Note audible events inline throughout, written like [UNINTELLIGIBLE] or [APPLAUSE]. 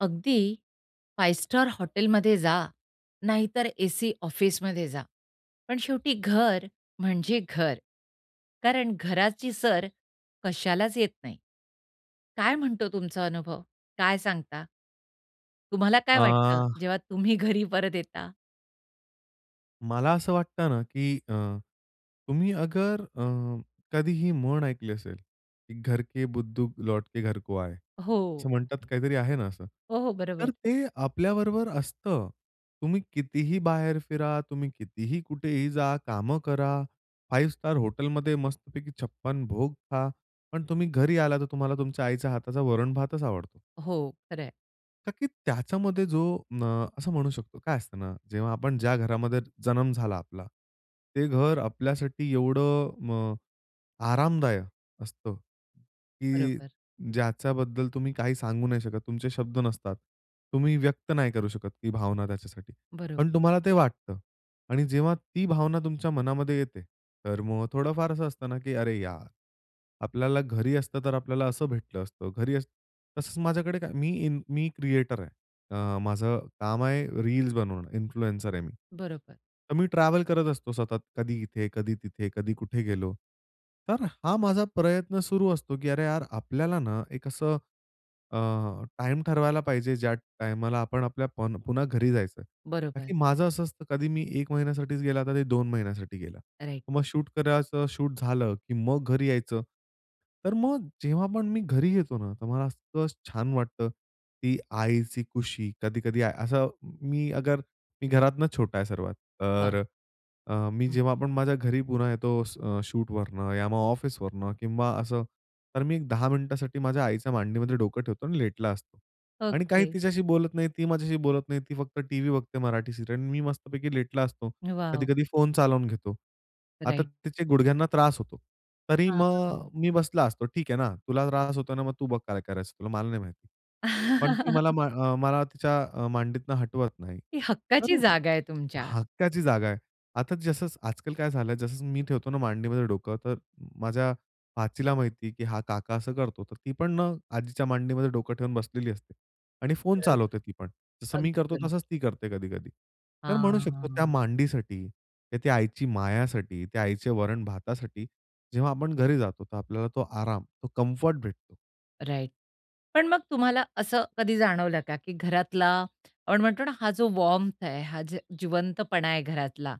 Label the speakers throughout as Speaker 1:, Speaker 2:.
Speaker 1: अगदी 5 स्टार हॉटेलमध्ये जा, नाहीतर एसी ऑफिसमध्ये जा, पण शेवटी घर म्हणजे घर. कारण घराची सर कशालाच येत नाही. काय म्हणतो तुमचा अनुभव, काय सांगता? तुम्हाला काय वाटतं,
Speaker 2: आ
Speaker 1: जेव्हा तुम्ही घरी परत येता?
Speaker 2: मला असं वाटतं ना, की अ, तुम्ही अगर अ, कधीही म्हण ऐकली असेल, की घर के बुद्धू लौट के घर को आए
Speaker 1: हो.
Speaker 2: असं म्हणतात, काहीतरी आहे ना असं.
Speaker 1: हो, हो. बरोबर.
Speaker 2: तर ते आपल्याबरोबर असतं. तुम्ही कितीही बाहेर फिरा, तुम्ही कितीही, कुठेही जा, कामं करा, 5 स्टार हॉटेलमध्ये मस्तपैकी 56 भोग खा. पण तुम्ही घरी आला तर तुम्हाला तुमच्या आईच्या हाताचा वरण भातच आवडतो.
Speaker 1: हो. खरंय.
Speaker 2: का की त्याच्यामध्ये जो म असं म्हणू शकतो. काय असतं ना, जेव्हा आपण ज्या घरामध्ये जन्म झाला आपला. ते घर आपल्यासाठी एवढं अ, आरामदायक असतं. की
Speaker 1: बरोबर.
Speaker 2: ज्याच्याबद्दल तुम्ही काही सांगू नाही शकत, तुमचे शब्द नसतात. तुम्ही व्यक्त नाही करू शकत. ती भावना त्याच्यासाठी
Speaker 1: बरोबर.
Speaker 2: पण तुम्हाला ते वाटतं. आणि जेव्हा ती भावना तुमच्या मनामध्ये येते, तर मग थोडंफार असं असतं ना, की "अरे यार, आपल्याला घरी असतं तर आपल्याला असं भेटलं असतं. घरी" तसंच माझ्याकडे काय मी इन मी क्रिएटर आहे. अ, माझं काम आहे रील्स बनवणं, इन्फ्लुएन्सर आहे मी.
Speaker 1: बरोबर.
Speaker 2: तर मी ट्रॅव्हल करत असतो सतत, कधी इथे, कधी तिथे, कधी कुठे गेलो. तर हा माझा प्रयत्न सुरू असतो, की अरे यार आपल्याला ना एक असं अ, टाईम ठरवायला पाहिजे ज्या टाईमाला आपण आपल्या पन पुन्हा घरी जायचं. का
Speaker 1: बरोबर.
Speaker 2: की माझं असं असतं, कधी मी 1 महिन्यासाठीच गेला कधी 2 महिन्यासाठी गेला.
Speaker 1: राइट.
Speaker 2: मग शूट करायचं शूट झालं, की मग घरी यायचं. तर मग जेव्हा पण मी घरी येतो ना, तर मला असलं छान वाटतं, ती आईची खुशी कधी-कधी असं मी अगर मी घरातन छोटा आहे सर्वात.
Speaker 1: वाह!
Speaker 2: तर अ, मी
Speaker 1: हं,
Speaker 2: जेव्हा
Speaker 1: हं.
Speaker 2: आपण माझ्या घरी पुन्हा येतो अ, स शूटवरनं या मग ऑफिसवरनं किंवा असं. तर मी एक 10 मिनिटांसाठी माझ्या आईच्या मांडीमध्ये डोकं ठेवतो. आणि लेटला असतो. आणि काही
Speaker 1: ओके.
Speaker 2: तिच्याशी बोलत नाही, ती माझ्याशी बोलत नाही, ती फक्त टीव्ही बघते मराठी सीरियल, मी मस्तपैकी लेटला असतो.
Speaker 1: वाव!
Speaker 2: कधी-कधी फोन चालवून घेतो. आता
Speaker 1: राइट.
Speaker 2: त्याचे गुडघ्यांना त्रास होतो. तरी
Speaker 1: हां.
Speaker 2: मग
Speaker 1: [UNINTELLIGIBLE]
Speaker 2: मी बसला असतो, ठीक आहे ना, तुला त्रास होतोय ना मग तू बघ काय करायचं तुला? मला नाही माहिती. पण ती मला
Speaker 1: [CHUCKLES]
Speaker 2: अ, मला तिच्या अ, मांडीतनं हटवत नाही,
Speaker 1: ती
Speaker 2: तर
Speaker 1: हक्काची जागा आहे तुमच्या.
Speaker 2: हक्काची जागा आहे. आता जसं आजकाल काय झालंय, जसं मी ठेवतो ना मांडीमध्ये डोकं तर माझ्या भाचीला माहिती आहे, की हा काका असं करतो. तर ती पण अ, आजीच्या मांडीमध्ये डोकं ठेवून बसलेली असते. आणि फोन चालवते ती पण.
Speaker 1: [UNINTELLIGIBLE]
Speaker 2: जसं मी
Speaker 1: अगदी
Speaker 2: करतो तसंच
Speaker 1: बरोबर.
Speaker 2: ती करते कधी-कधी. तर म्हणू शकतो त्या
Speaker 1: हां.
Speaker 2: मांडीसाठी, ती आईची मायासाठी, त्या आईचे वरण भातासाठी. जेव्हा आपण घरी जातो तर आपल्याला तो आराम तो कम्फर्ट भेटतो.
Speaker 1: राइट, पण मग तुम्हाला असं कधी जाणवलं का की घरातला आपण म्हणतो ना, हा जो वार्म्थ आहे हा जो जिवंतपणा आहे घरातला,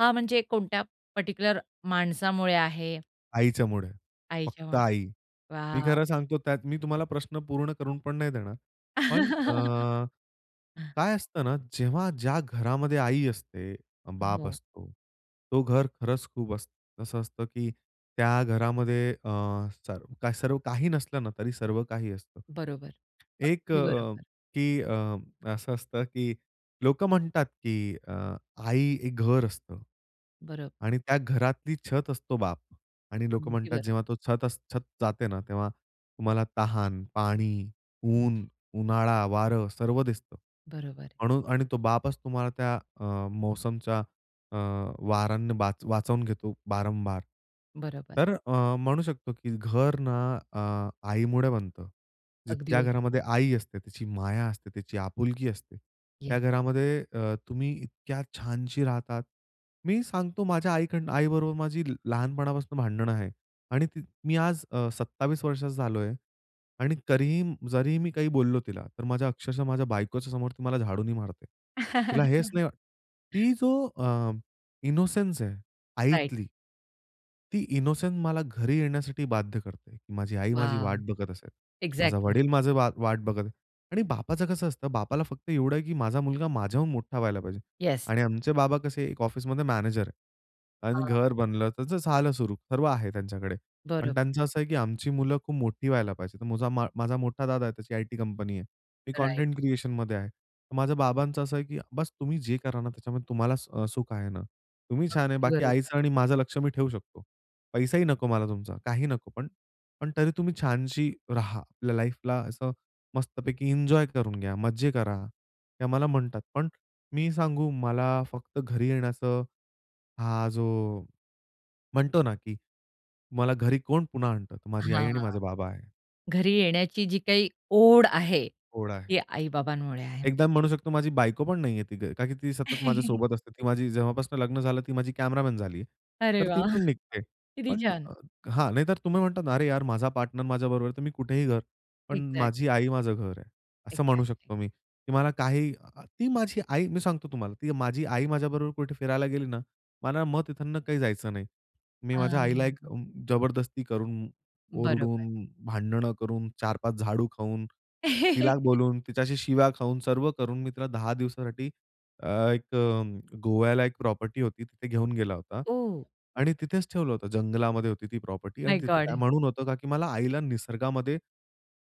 Speaker 1: हा म्हणजे कोणत्या पर्टिक्युलर माणसामुळे आहे
Speaker 2: आईच्यामुळे, फक्त
Speaker 1: आईच्यामुळे.
Speaker 2: आई. मी खरं
Speaker 1: वॉव.
Speaker 2: सांगतो त्यात मी तुम्हाला प्रश्न पूर्ण करून पण नाही देणार. पण अ,
Speaker 1: [LAUGHS] हां.
Speaker 2: काय असतं ना, जेव्हा ज्या घरामध्ये आई असते, बाप
Speaker 1: हो.
Speaker 2: असतो. तो घर खरंच खूप असतं असं असतं की त्या घरामध्ये अ, सर्व काही चा नसलं ना, तरी सर्व काही असतं.
Speaker 1: बरोबर.
Speaker 2: एक
Speaker 1: अगदी
Speaker 2: अ,
Speaker 1: बरोबर.
Speaker 2: की अ, असं असतं की लोक म्हणतात की अ, आई एक घर असतं
Speaker 1: बरोबर.
Speaker 2: आणि त्या घरातली छत असतो बाप आणि लोकं
Speaker 1: अगदी
Speaker 2: म्हणतात
Speaker 1: बरोबर.
Speaker 2: जेव्हा तो छत अस छत जाते ना, तेव्हा तुम्हाला तहान, पाणी, ऊन, उन्हाळा, वारं सर्व दिसतं.
Speaker 1: बरोबर.
Speaker 2: म्हणून आणि तो बापच तुम्हाला त्या अ, मौसमच्या अ, वारांनी बा वाचून घेतो वारंवार.
Speaker 1: बरोबर.
Speaker 2: तर अ, म्हणू शकतो की घर ना, अ, आईमुळे बनतं. जी
Speaker 1: अगदी
Speaker 2: त्या
Speaker 1: बरोबर.
Speaker 2: घरामध्ये आई असते, त्याची माया असते, तिची आपुलकी असते.
Speaker 1: येस.
Speaker 2: त्या घरामध्ये अ, तुम्ही इतक्या छानशी राहतात. मी सांगतो माझ्या आई कडना आई बरोबर माझी लहानपणापासून भांडण आहे आणि ती मी आज अ, 27 वर्षाचा झालोय आणि तरीही जरीही मी काही बोललो तिला तर माझ्या अक्षरशः माझ्या बायकोच्या समोर मला ती झाडूनी मारते. तिला हेच ना
Speaker 1: [LAUGHS]
Speaker 2: ती जो अ इनोसेन्स आहे
Speaker 1: राइट.
Speaker 2: आईतील ती इनोसन्स मला घरी येण्यासाठी बाध्य करते. माझी आई माझी
Speaker 1: वॉव!
Speaker 2: वाट बघत असेल. माझा
Speaker 1: एक्झॅक्टली.
Speaker 2: वडील माझं वा वाट बघत आणि बापाचं कसं असतं, बापाला फक्त एवढं आहे की माझा मुलगा माझ्याहून मोठा व्हायला पाहिजे
Speaker 1: येस.
Speaker 2: आणि आमचे बाबा कसे एक ऑफिसमध्ये मॅनेजर आहे आणि
Speaker 1: हां.
Speaker 2: घर बनलं त्याचं झालं सुरू सर्व आहे त्यांच्याकडे, पण
Speaker 1: बरोबर.
Speaker 2: त्यांचं असं आहे की आमची मुलं खूप मोठी व्हायला पाहिजे. माझा मा माझा मोठा दादा आहे त्याची आयटी कंपनी आहे. मी
Speaker 1: राइट.
Speaker 2: कंटेंट क्रिएशनमध्ये आहे. माझ्या बाबांचं असं आहे की बस तुम्ही जे करा ना त्याच्यामध्ये अ, तुम्हाला स अ, सुख आहे ना? तुम्ही छान आहे,
Speaker 1: अगदी
Speaker 2: बाकी
Speaker 1: बरोबर.
Speaker 2: आईचं आणि माझं लक्ष मी ठेवू शकतो. पैसाही नको मला तुमचा काहीही नको पण पण तरी तुम्ही छानशी राहा. आपल्या लाईफला असं मस्तपैकी एन्जॉय करून घ्या, मज्जे करा हे आम्हाला म्हणतात. पण मी सांगू मला फक्त घरी येण्याचं हा जो म्हणतो ना की मला घरी कोण पुन्हा आणतं माझी आई
Speaker 1: हां.
Speaker 2: आणि माझे बाबा आहे.
Speaker 1: घरी येण्याची जी काही ओढ आहे,
Speaker 2: ओढ आहे.
Speaker 1: ती आई-बाबांमुळे आहे.
Speaker 2: एकदा मी म्हणू शकतो माझी बायको पण नाहीये तीथे, कारण की ती सतत
Speaker 1: [LAUGHS]
Speaker 2: माझ्यासोबत असते. ती माझी जेव्हापासून लग्न झालं ती माझी कॅमेरामन झाली आहे.
Speaker 1: अरे
Speaker 2: तर ती
Speaker 1: वाह!
Speaker 2: पण निघते.
Speaker 1: किती
Speaker 2: पण
Speaker 1: छान.
Speaker 2: अ, हां, नाहीतर तुम्ही म्हणता ना, "अरे यार! माझा पार्टनर माझ्याबरोबर आहे, तर मी कुठेही घर." पण
Speaker 1: एक्झॅक्ट.
Speaker 2: माझी आई माझं घर आहे असं म्हणू
Speaker 1: एक्झॅक्टली.
Speaker 2: शकतो मी की मला अ, काही ती माझी आई मी सांगतो तुम्हाला ती माझी आई माझ्याबरोबर कुठे फिरायला गेली ना, मला मग तिथून काही जायचं नाही. मी माझ्या आईला एक
Speaker 1: हां.
Speaker 2: जबरदस्ती करून,
Speaker 1: बरोबर.
Speaker 2: ओरडून, भांडणं करून, 4-5 झाडू खाऊन, तिला
Speaker 1: [LAUGHS]
Speaker 2: बोलून, तिच्याशी शिव्या खाऊन, सर्व करून, मी तिला 10 दिवसासाठी अ, एक अ, गोव्याला एक प्रॉपर्टी होती तिथे घेऊन गेला होता.
Speaker 1: ओह!
Speaker 2: आणि तिथेच ठेवलं होतं. जंगलामध्ये होती ती प्रॉपर्टी आणि
Speaker 1: माय
Speaker 2: तिथे काय
Speaker 1: गोड.
Speaker 2: म्हणून होतं का की मला आईला निसर्गामध्ये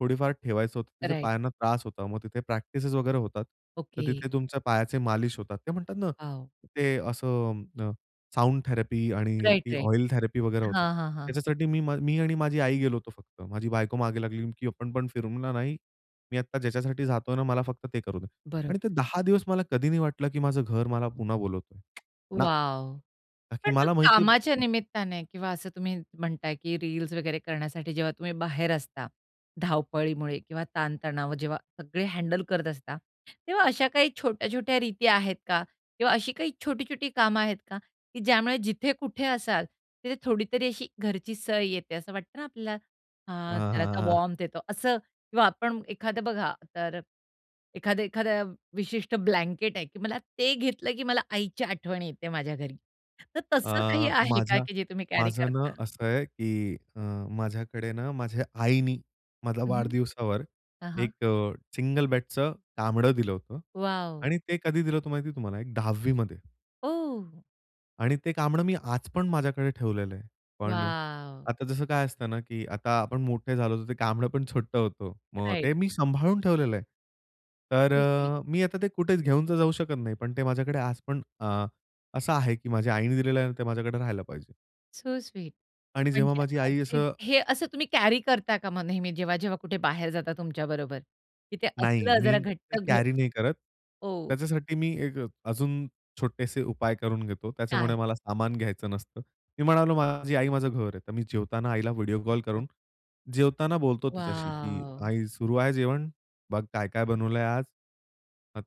Speaker 2: थोडीफार ठेवायचं होतं. तिथे
Speaker 1: राइट.
Speaker 2: पायांना त्रास होता, मग तिथे प्रॅक्टिसेस वगैरे होतात. तर
Speaker 1: ओके.
Speaker 2: तिथे तुमच्या पायाचे मालिश होतात. ते म्हणतात ना,
Speaker 1: वॉव.
Speaker 2: ते असं अ, साउंड थेरपी आणि ती
Speaker 1: राइट-राइट.
Speaker 2: ऑइल थेरपी वगैरे होते.
Speaker 1: हां, हां, हां.
Speaker 2: त्याच्यासाठी मी मी आणि माझी आई गेलो होतो फक्त. माझी बायको मागे लागली की "आपण पण फिरू ना," म्हणल, "नाही." मी आत्ता ज्याच्यासाठी जातोय ना मला फक्त ते करू दे
Speaker 1: बरोबर.
Speaker 2: आणि ते 10 दिवस मला कधी नाही वाटलं की माझं घर मला पुन्हा बोलवतोय ना.
Speaker 1: वॉव! पण
Speaker 2: ताकी
Speaker 1: मग
Speaker 2: मला माहिती
Speaker 1: कामाच्या निमित्ताने किंवा असं तुम्ही म्हणताय की रील्स वगैरे करण्यासाठी जेव्हा तुम्ही बाहेर असता, धावपळीमुळे किंवा ताणतणाव जेव्हा सगळे हँडल करत असता. तेव्हा अशा काही छोट्या-छोट्या रीती आहेत का? किंवा अशी काही छोटी-छोटी कामं आहेत का? की ज्यामुळे जिथे कुठे असाल तिथे थोडीतरी अशी घरची सर येते असं वाटतं ना, आपल्याला आ
Speaker 2: हां, हां,
Speaker 1: जरासा
Speaker 2: हां. [CHUCKLES]
Speaker 1: वार्म्थ येतो असं किंवा आपण एखादं बघा तर एखाद्या एखाद्या विशिष्ट ब्लँकेट आहे की मला ते घेतलं की मला आईची आठवण येते माझ्या घरी. तर
Speaker 2: अ,
Speaker 1: तसं काही आहे का
Speaker 2: माझ्या
Speaker 1: की जे तुम्ही कॅरी
Speaker 2: माझं ना,
Speaker 1: करता?
Speaker 2: असं आहे की अ, माझ्याकडे ना माझ्या आईनी माझा
Speaker 1: हं, हं.
Speaker 2: वाढदिवसावर
Speaker 1: हां, हां.
Speaker 2: एक अ, सिंगल बेडचं कांबड दिलं होतं
Speaker 1: वॉव!
Speaker 2: आणि ते कधी दिलं होतं माहिती तुम्हाला एक 10वीमध्ये.
Speaker 1: ओ.
Speaker 2: आणि ते कांबळं मी आज पण माझ्याकडे ठेवलेलं आहे. पण
Speaker 1: वॉव.
Speaker 2: आता जसं काय असतं ना, की आता आपण मोठे झालो होतो, ते कांबळं पण छोटं होतं. मग
Speaker 1: राइट.
Speaker 2: ते मी सांभाळून ठेवलेलं आहे. तर
Speaker 1: सो स्वीट.
Speaker 2: मी आता ते कुठेच घेऊन तर जाऊ शकत नाही. पण ते माझ्याकडे आज पण अ, असं आहे, की माझ्या आईने दिलेलं आहे आणि ते माझ्याकडे राहायला पाहिजे.
Speaker 1: सो स्वीट
Speaker 2: आणि जेव्हा
Speaker 1: म्हणजे
Speaker 2: माझी
Speaker 1: अ,
Speaker 2: आई
Speaker 1: ज
Speaker 2: असं
Speaker 1: हे असं तुम्ही कॅरी करता का म नेहमी जेव्हा, जेव्हा कुठे बाहेर जाता, तुमच्या बरोबर. तिथ
Speaker 2: नाही,
Speaker 1: असलं
Speaker 2: मी
Speaker 1: जरा
Speaker 2: ते
Speaker 1: घट्ट घ
Speaker 2: कॅरी नाही करत.
Speaker 1: ओ.
Speaker 2: त्याच्यासाठी मी एक अजून छोटेसे उपाय करून घेतो, त्याच्यामुळे
Speaker 1: काय?
Speaker 2: मला सामान घ्यायचं नसतं. मी म्हणालो माझी आई माझं घर आहे. तर मी जेवताना आईला व्हिडिओ कॉल
Speaker 1: अच्छा.
Speaker 2: करून जेवताना बोलतो तिच्याशी, की
Speaker 1: वॉव.
Speaker 2: आई सुरू आहे जेवण, बघ काय-काय बनवलंय आज.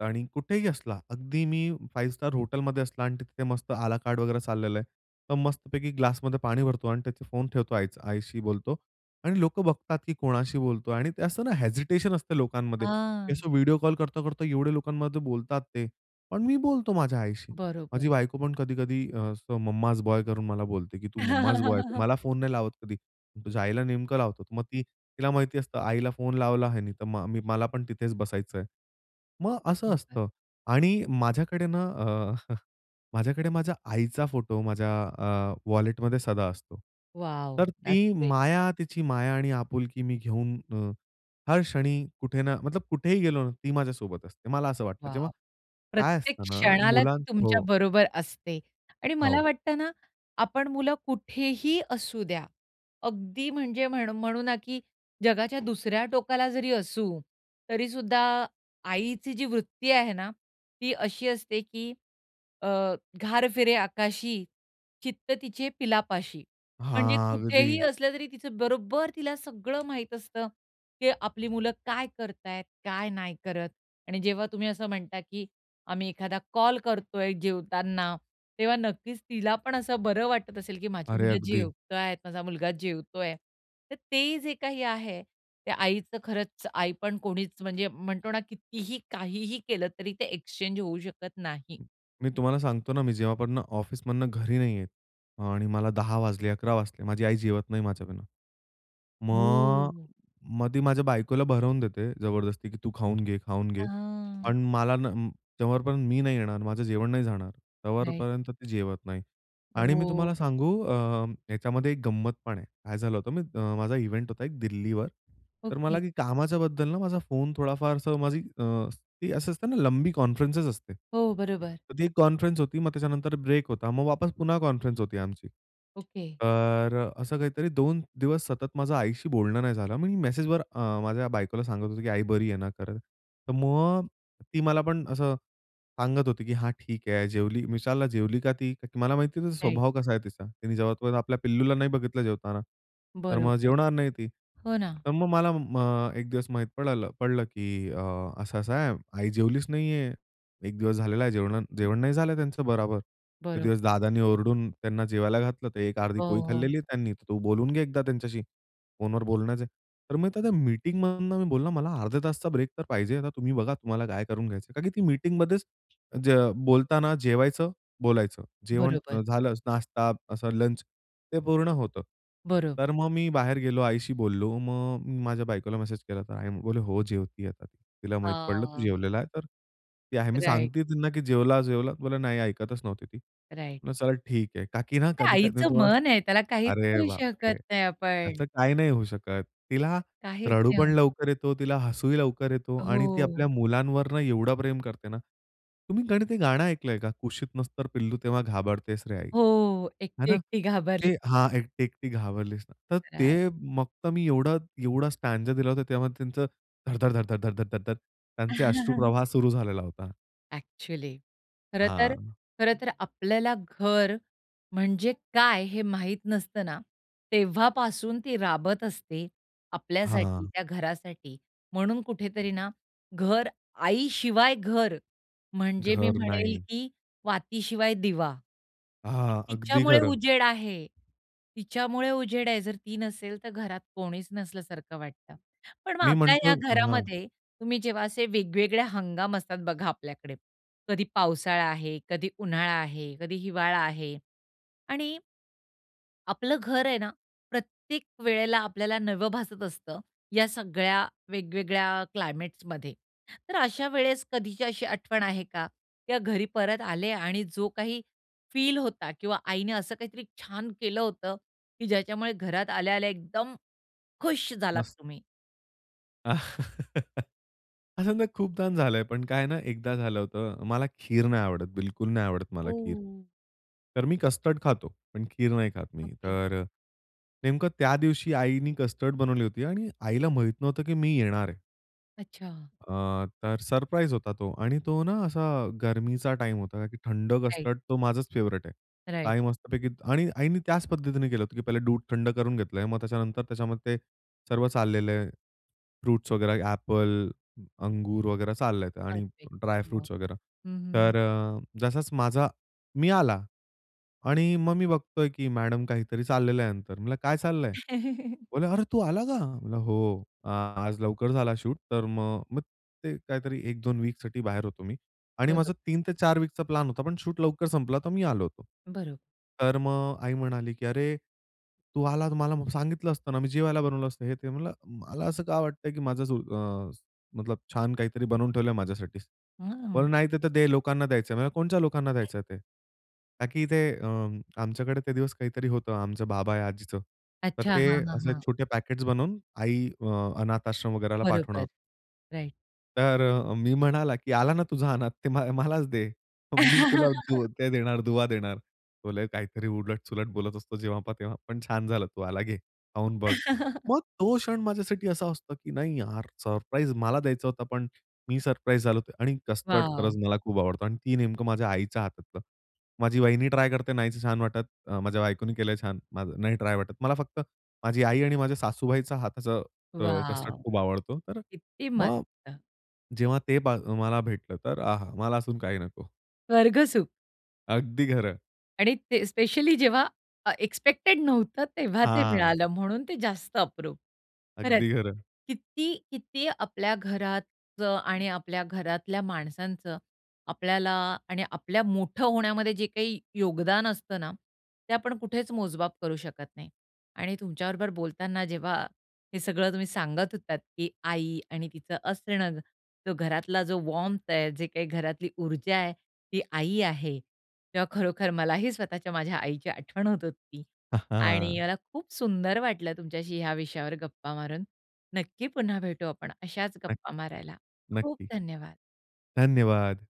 Speaker 2: आणि कुठेही असला. अगदी मी 5 स्टार हॉटेलमध्ये असला आणि तिथे मस्त आला कार्ड वगैरे चाललेलं आहे. तर मस्तपैकी ग्लासमध्ये पाणी भरतो आणि त्याचे फोन ठेवतो आई आईशी बोलतो आणि लोकं बघतात की कोणाशी बोलतो. आणि ते असं ना, हेजिटेशन असतं लोकांमध्ये हे
Speaker 1: हां.
Speaker 2: असं व्हिडिओ कॉल करता, करता एवढ्या लोकांमध्ये बोलतात ते. पण मी बोलतो माझ्या आईशी. माझी
Speaker 1: बरोबर.
Speaker 2: बायको पण कधी-कधी असं मम्माज बॉय करून मला बोलते, की तू मम्माज बॉय आहे ,तू
Speaker 1: [LAUGHS]
Speaker 2: मला फोन नाही लावत कधी, तुझ्या आईला नेमकं लावतो. मग ती तिला माहिती असतं, आईला फोन लावला ह्याने तर म मी मला पण तिथेच बसायचं आहे. मग असं
Speaker 1: बरोबर.
Speaker 2: असतं. आणि माझ्याकडे ना, अ, [CHUCKLES] माझ्याकडे माझ्या आईचा फोटो माझ्या अ, वॉलेटमध्ये सदा असतो.
Speaker 1: वॉव
Speaker 2: तर
Speaker 1: द्याट्स
Speaker 2: ती
Speaker 1: ग्रेट.
Speaker 2: माया तिची माया आणि आपुलकी मी घेऊन अ, हर क्षणी कुठे ना मतलब कुठेही गेलो ना, ती माझ्यासोबत असते. मला असं वाटतं. जेव्हा
Speaker 1: वॉव
Speaker 2: काय
Speaker 1: .प्रत्येक
Speaker 2: असतं ना,
Speaker 1: क्षणाला
Speaker 2: मुलां
Speaker 1: ती तुमच्या
Speaker 2: हो.
Speaker 1: बरोबर असते आणि मला
Speaker 2: हो.
Speaker 1: वाटत ना, आपण मुलं कुठेही असू द्या. अगदी म्हणजे म्हणू म्हणू ना, की जगाच्या दुसऱ्या टोकाला जरी असू तरी सुद्धा आईची जी वृत्ती आहे ना ती अशी असते, की अ, घार फिरे आकाशी, चित्त तिचे पिलापाशी. म्हणजे
Speaker 2: हां,
Speaker 1: कुठेही
Speaker 2: अगदी.
Speaker 1: असले तरी तिचं बरोबर तिला सगळं माहित असतं. ते आपली मुलं काय करतायेत, काय नाही करत आणि जेव्हा, तुम्ही असं म्हणता, की आम्ही एखादा कॉल करतोय जेवताना, तेव्हा नक्कीच तिला पण असं बरं वाटत असेल, की माझी
Speaker 2: अरे
Speaker 1: मुलं
Speaker 2: अगदी.
Speaker 1: जेवताय. माझा मुलगा जेवतोय. तर ते जे काही आहे ते आईचं खरंच आईपण कोणीच म्हणजे म्हणतो ना, कितीही काहीही केलं तरी ते एक्सचेंज होऊ शकत नाही.
Speaker 2: मी तुम्हाला सांगतो ना, मी जेव्हापर्यंत ऑफिसमधनं घरी नाही येत आणि मला 10:00 वाजले 11:00 वाजले माझी आई जेवत नाही माझ्याबिना. मग,
Speaker 1: ओ.
Speaker 2: मग ती माझ्या बायकोला भरवून देते, जबरदस्ती की तू खाऊन घे, खाऊन घे.
Speaker 1: हां.
Speaker 2: पण मला ना, जोपर्यंत मी नाही येणार माझं जेवण नाही जाणार
Speaker 1: राइट.
Speaker 2: तेव्हापर्यंत ती जेवत नाही. आणि मी
Speaker 1: ओ.
Speaker 2: तुम्हाला सांगू, अ, याच्यामध्ये एक गंमत पण आहे. काय झालं होतं, म मी माझा इव्हेंट होता एक दिल्लीवर. तर
Speaker 1: ओके.
Speaker 2: मला की कामाच्याबद्दल ना माझा फोन थोडाफार असं माझी अ, ती असं असतं ना लंबी कॉन्फरन्सस असते.
Speaker 1: हो बरोबर.
Speaker 2: तर ती एक कॉन्फरन्सस होती, मग त्याच्यानंतर ब्रेक होता. मग वापस पुन्हा कॉन्फरन्स होती आमची.
Speaker 1: ओके.
Speaker 2: तर असं काहीतरी 2 दिवस सतत माझ्या आईशी बोलणं नाही झालं. मी मेसेजवर अ, माझ्या बायकोला सांगत होतो, की आई बरी आहे ना? तर मग ती मला पण असं सांगत होती, की हा ठीक आहे जेवली. विचारल जेवली का ती? मला माहिती
Speaker 1: राइट.
Speaker 2: स्वभाव कसा आहे तिचा. ति जेव्हापर्यंत आपल्या पिल्लूला नाही बघितलं जेवताना तर मग
Speaker 1: बरोबर.
Speaker 2: जेवणार नाही ती.
Speaker 1: हो ना.
Speaker 2: तर मग मला म एक दिवस माहीत पडलं पडलं, की अ असं-असं आहे आई जेवलीच नाहीये. 1 दिवस झालेला आहे जेवण जेवण नाही झालं त्यांचं बराबर. ते दिवस
Speaker 1: बरोबर.
Speaker 2: दादांनी ओरडून त्यांना जेवायला घातलं तर एक अर्धी
Speaker 1: हो,
Speaker 2: पोळी
Speaker 1: हो.
Speaker 2: खाल्लेली आहे त्यांनी तू बोलून घे एकदा त्यांच्याशी फोनवर बोलण्याचे तर मग त्या मीटिंग मधून मी बोलला मला अर्ध्या तासचा ब्रेक तर पाहिजे आता तुम्ही बघा तुम्हाला काय करून घ्यायचं आहे. कारण की ती मीटिंगमध्येच ज बोलताना जेवायचं बोलायचं जेवण
Speaker 1: बरोबर.
Speaker 2: झालं नाश्ता असं लंच ते पूर्ण होतं.
Speaker 1: बरोबर.
Speaker 2: तर मग मी बाहेर गेलो आईशी बोललो मग मी माझ्या बायकोला मेसेज केला तर आई बोले हो जेवती आता. तिला माहीत पडलं तू
Speaker 1: हां.
Speaker 2: जेवलेला आहे तर ती आहे मी
Speaker 1: राइट.
Speaker 2: सांगते त्यांना की जेवला, जेवला. बोला, नाही ऐकतच नव्हती ती.
Speaker 1: राइट.
Speaker 2: चला ठीक आहे. का की ना
Speaker 1: ते
Speaker 2: कधी-कधी मी
Speaker 1: आईचं
Speaker 2: तुम्हाला,
Speaker 1: मन आहे त्याला काहीच
Speaker 2: अरे
Speaker 1: करू शकत
Speaker 2: बापरे!
Speaker 1: नाही आपण.
Speaker 2: असं काही नाही होऊ शकत. तिला
Speaker 1: काहीच
Speaker 2: रडू पण
Speaker 1: नाही.
Speaker 2: लवकर येतो, तिला हसूही लवकर येतो आणि ती
Speaker 1: हो.
Speaker 2: आपल्या मुलांवर ना एवढं प्रेम करते ना. तुम्ही ते गाणं ऐकलंय का? कुशीत नस तर पिल्लू तेव्हा घाबरतेच रे आई.
Speaker 1: हो
Speaker 2: आहे
Speaker 1: एकटी,
Speaker 2: ना
Speaker 1: एकटी घाबरली.
Speaker 2: ते हां, एकटी, एकटी घाबरलीस ना. तर
Speaker 1: राइट.
Speaker 2: ते फक्त मी एवढा एवढा स्टँजा दिला होता तेव्हा त्यांचं धड-धड, धड-धड, धड-धड, धड-धड त्यांचे अश्रु
Speaker 1: [LAUGHS]
Speaker 2: प्रवाह सुरू झालेला होता.
Speaker 1: एक्चुअली. खरंतर,
Speaker 2: हां.
Speaker 1: खरंतर आपल्याला घर म्हणजे काय हे माहित नसतं ना, तेव्हापासून ती राबत असते. आपल्यासाठी
Speaker 2: हां.
Speaker 1: त्या घरासाठी म्हणून कुठेतरी ना, घर आई शिवाय घर म्हणजे मी
Speaker 2: घर
Speaker 1: म्हणेल,
Speaker 2: नाही.
Speaker 1: की वातीशिवाय दिवा. की
Speaker 2: हां, अगदी
Speaker 1: तिच्यामुळे
Speaker 2: खरं.
Speaker 1: उजेड आहे, तिच्यामुळे उजेड आहे. जर ती नसेल, तर घरात कोणीच नसल्यासारखं वाटतं. पण मग
Speaker 2: मी
Speaker 1: आपल्या
Speaker 2: म्हणतो
Speaker 1: ह्या
Speaker 2: अ, हां.
Speaker 1: घरामध्ये, तुम्ही जेव्हा असे वेगवेगळे हंगाम असतात बघा आपल्याकडे. कधी पावसाळा आहे, कधी उन्हाळा आहे, कधी हिवाळा आहे. आणि आपलं घर आहे ना. प्रत्येक वेळेला आपल्याला नवं भासत असतं, या सगळ्या वेगवेगळ्या क्लायमेट्समध्ये. तर अशा वेळेस कधीच्या अशी आठवण आहे का, या घरी परत आले. आणि जो काही फील होता किंवा आईने असं काहीतरी छान केलं होतं, की ज्याच्यामुळे घरात आल्या आल्या एकदम खुश झालात
Speaker 2: मस
Speaker 1: तुम्ही.
Speaker 2: [LAUGHS] असं ना खूपदा झाल आहे, पण काय ना, एकदा झालं होतं. मला खीर नाही आवडत, बिलकुल नाही आवडत मला खीर.
Speaker 1: ओह!
Speaker 2: तर मी कस्टर्ड खातो पण खीर नाही खात मी.
Speaker 1: ओके.
Speaker 2: तर अ, नेमकं त्या दिवशी आईनी कस्टर्ड बनवली होती. आणि आईला माहीत नव्हतं, की मी येणार आहे.
Speaker 1: अच्छा.
Speaker 2: अ, तर सरप्राईज होता तो आणि तो ना असा गरमीचा टाईम होता की थंड
Speaker 1: राइट.
Speaker 2: कस्टर्ड तो माझाच फेव्हरेट आहे
Speaker 1: राइट.
Speaker 2: काही मस्तपैकी आणि आईनी त्याच पद्धतीने केलं होतं, की पहिले दूध थंड करून घेतलं आहे, मग त्याच्यानंतर त्याच्यामध्ये ते सर्व चाललेले फ्रुट्स वगैरे ॲपल, अंगूर वगैरे चाललं आहे आणि
Speaker 1: परफेक्ट.
Speaker 2: ड्राय
Speaker 1: हं,
Speaker 2: फ्रुट्स वगैरे
Speaker 1: हं, हं.
Speaker 2: तर अ, जसाच माझा मी आला आणि मग मी बघतो आहे की मॅडम काहीतरी चाललेलं आहे यांचं म्हणलं, "काय चाललं आहे?"
Speaker 1: [CHUCKLES]
Speaker 2: बोले, "अरे! तू आला का? म्हटलं, "हो, आज लवकर झाला शूट." तर मग मग ते काहीतरी 1-2 वीकसाठी बाहेर होतो मी. आणि
Speaker 1: बरोबर.
Speaker 2: माझा 3-4 वीकचा प्लॅन होता, पण शूट लवकर संपला तर मी आलो होतो.
Speaker 1: बरोबर.
Speaker 2: तर मग आई म्हणाली, "की अरे! तू आलास मला सांगितलं असतं ना? मी जेवायला बनवलं असतं." हे ते, म्हणलं, "मला असं का वाटतं आहे की माझ जो अ, मतलब छान काहीतरी बनवून ठेवलं आहे माझ्यासाठी.
Speaker 1: हम्म
Speaker 2: पण नाही, ते तर दे लोकांना द्यायचं आहे." म्हणल, "कोणच्या लोकांना द्यायचं आहे ते?" का की ते अ, आमच्याकडे ते दिवस काहीतरी होतं. आमचं बाबा या आजीचं. तर
Speaker 1: अच्छा.
Speaker 2: ते
Speaker 1: हां, हां,
Speaker 2: असे
Speaker 1: हां.
Speaker 2: छोटे पॅकेट्स बनवून आई अ, अनाथ आश्रम वगैरेला पाठवणं.
Speaker 1: बरोबर, राइट
Speaker 2: तर अ, मी म्हणाला, "की आला ना तुझा अनाथ ते म मलाच दे. मी तुला तो
Speaker 1: [LAUGHS]
Speaker 2: ते देणार दुवा देणार. बोले, "तो काहीतरी उलट-सुलट बोलत असतो, जेव्हा पहा तेव्हा पण छान झालं तू आला घे, खाऊन बघ."
Speaker 1: [LAUGHS]
Speaker 2: मग तो क्षण माझ्यासाठी असा असतो, की नाही यार सरप्राईज मला द्यायचा होता, पण मी सरप्राईज झालो होतो आणि कस्टर्ड
Speaker 1: वाव!
Speaker 2: खरंच मला खूप आवडतो, आणि ती नेमकं माझ्या आईच्या हातातलं. माझी वहिनी ट्राय करते नाहीच छान वाटत. अ, माझ्या बायकोने केलं आहे छान, नाही ट्राय वाटत. मला फक्त माझी आई आणि माझ्या सासूबाईचा हाताचं अ, कस्टर्ड
Speaker 1: वाव!
Speaker 2: खूप आवडतो. तर अ,
Speaker 1: किती मस्त.
Speaker 2: मग जेव्हा ते ब मला भेटलं तर "आहा! मला अजून काही नको."
Speaker 1: स्वर्ग सुख.
Speaker 2: अगदी खरं.
Speaker 1: आणि ते स्पेशली जेव्हा अ, एक्स्पेक्टेड नव्हतं तेव्हा ते
Speaker 2: हां.
Speaker 1: मिळालं म्हणून ते जास्त अप्रूप. खरंच
Speaker 2: अगदी खरं.
Speaker 1: किती, किती आपल्या घरात आणि आपल्या घरातल्या माणसांचं आपल्याला आणि आपल्या मोठं होण्यामध्ये जे काही योगदान असतं ना, ते आपण कुठेच मोजमाप करू शकत नाही. आणि तुमच्या बरोबर बोलताना जेव्हा हे सगळं तुम्ही सांगत होतात, की आई आणि तिचं असणं जो घरातला जो वार्म्थ आहे जे काही घरातली ऊर्जा आहे ती आई आहे. तेव्हा खरोखर मलाही स्वतःच्या माझ्या आईची आठवण होत होती
Speaker 2: [CHUCKLES]
Speaker 1: आणि
Speaker 2: हां.
Speaker 1: मला खूप सुंदर वाटलं तुमच्याशी, ह्या विषयावर गप्पा मारून. नक्की पुन्हा भेटू आपण अशाच
Speaker 2: नक्क
Speaker 1: गप्पा मारायला. खूप
Speaker 2: नक्की.
Speaker 1: धन्यवाद!
Speaker 2: धन्यवाद!